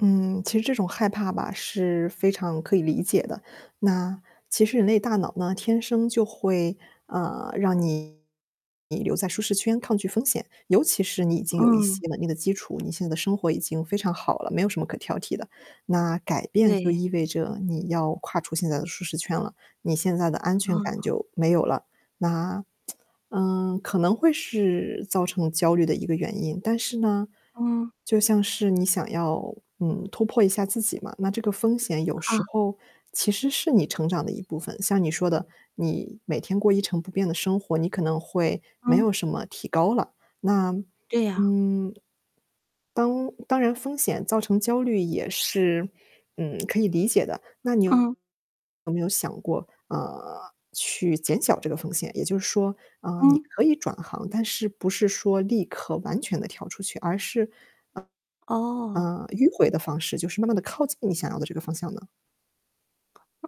嗯，其实这种害怕吧，是非常可以理解的，那，其实人类大脑呢，天生就会，呃，让你留在舒适圈抗拒风险，尤其是你已经有一嗯。些稳定的基础，你现在的生活已经非常好了，没有什么可挑剔的。那改变就对。意味着，你要跨出现在的舒适圈了，你现在的安全感嗯。就没有了。那，嗯，可能会是造成焦虑的一个原因，但是呢，嗯。就像是你想要，嗯，突破一下自己嘛，那这个风险有时啊。候其实是你成长的一部分。像你说的，你每天过一成不变的生活，你可能会没有嗯。什么提高了。那，对呀。嗯，当当然风险造成焦虑也是，嗯，可以理解的，那你有嗯。没有想过，呃，去减小这个风险？也就是说，呃，你嗯。可以转行，但是不是说立刻完全地跳出去，而是，哦。呃，迂回的方式，就是慢慢地靠近你想要的这个方向呢？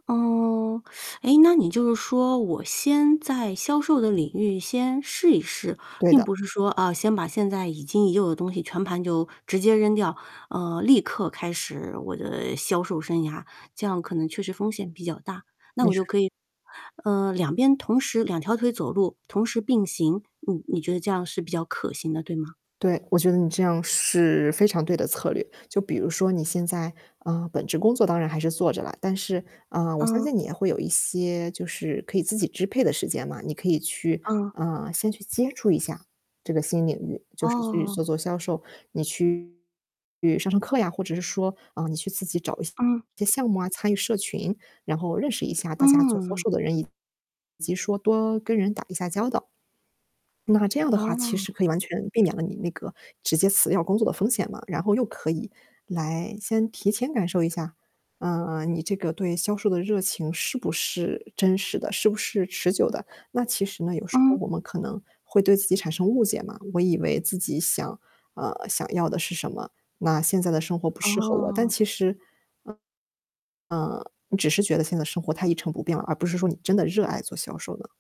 哦，哎，那你就是说，我先在销售的领域先试一试，对并的。不是说，哦，先把现在已经已有的东西全盘就直接扔掉，嗯，立刻开始我的销售生涯，这样可能确实风险比较大。那你我就说可以，呃，两边同时两条腿走路，同时并行，你你觉得这样是比较可行的，对吗？对，我觉得你这样是非常对的策略。就比如说你现在，啊，本职工作当然还是做着了，但是，啊，我相嗯。信你也会有一些就是可以自己支配的时间嘛，你可以去嗯。啊，先去接触一下这个新领域，就是去做哦。做销售，你去上上课呀，或者是说，啊，你去自己找一嗯。些项目啊，参与社群。然后认识一下大家做销嗯。售的人，以及说多跟人打一下交道。那这样的话其实哦。可以完全避免了你那个直接辞掉工作的风险嘛，然后又可以来先提前感受一下，啊，你这个对销售的热情是不是真实的，是不是持久的。那其实呢，有时候嗯。我们可能会对自己产生误解嘛，我以为自己想呃，想要的是什么，那现在的生活不适合我。但哦。其实，呃，你只是觉得现在的生活太一成不变了，而不是说你真的热爱做销售呢。